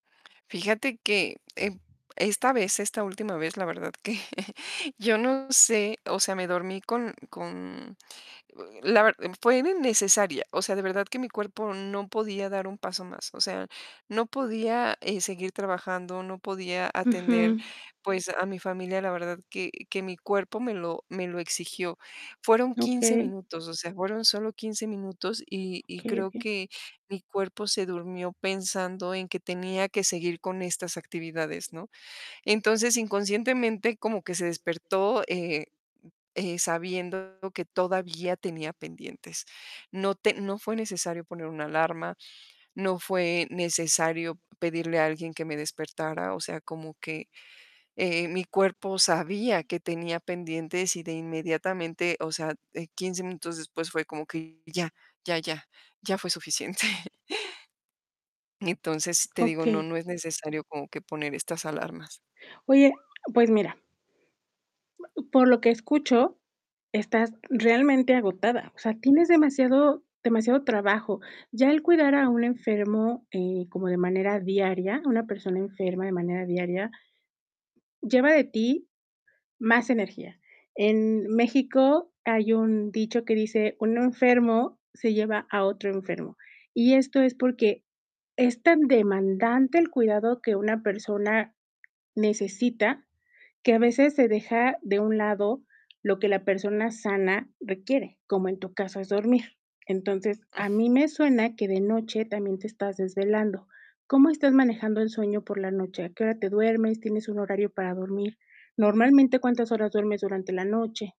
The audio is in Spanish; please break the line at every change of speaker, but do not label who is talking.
Fíjate que, eh, esta vez, esta última vez, la verdad que yo no sé, o sea, me dormí con con la ver fue innecesaria. O sea, de verdad que mi cuerpo no podía dar un paso más. O sea, no podía, eh, seguir trabajando, no podía atender,
Ujú.
pues a mi familia, la verdad que que mi cuerpo me lo me lo exigió. Fueron 15
Okey.
minutos, o sea, fueron solo 15 minutos y y
Okey,
creo
okey.
que mi cuerpo se durmió pensando en que tenía que seguir con estas actividades, ¿no? Entonces, inconscientemente, como que se despertó, eh eh, sabiendo que todavía tenía pendientes. No te no fue necesario poner una alarma, no fue necesario pedirle a alguien que me despertara. O sea, como que, eh, mi cuerpo sabía que tenía pendientes y de inmediatamente, o sea, eh, 15 minutos después fue como que ya, ya, ya, ya fue suficiente. Entonces, te digo, no
Okey.
no es necesario como que poner estas alarmas.
Oye, pues mira por lo que escucho estás realmente agotada. O sea, tienes demasiado demasiado trabajo. Ya el cuidar a un enfermo, eh, como de manera diaria, una persona enferma de manera diaria lleva de ti más energía. En México hay un dicho que dice: "Un enfermo se lleva a otro enfermo". Y esto es porque es tan demandante el cuidado que una persona necesita, que a veces se deja de un lado lo que la persona sana requiere, como en tu caso es dormir. Entonces, a mí me suena que de noche también te estás desvelando. ¿Cómo estás manejando el sueño por la noche? ¿A qué hora te duermes? ¿Tienes un horario para dormir? Normalmente, ¿cuántas horas duermes durante la noche?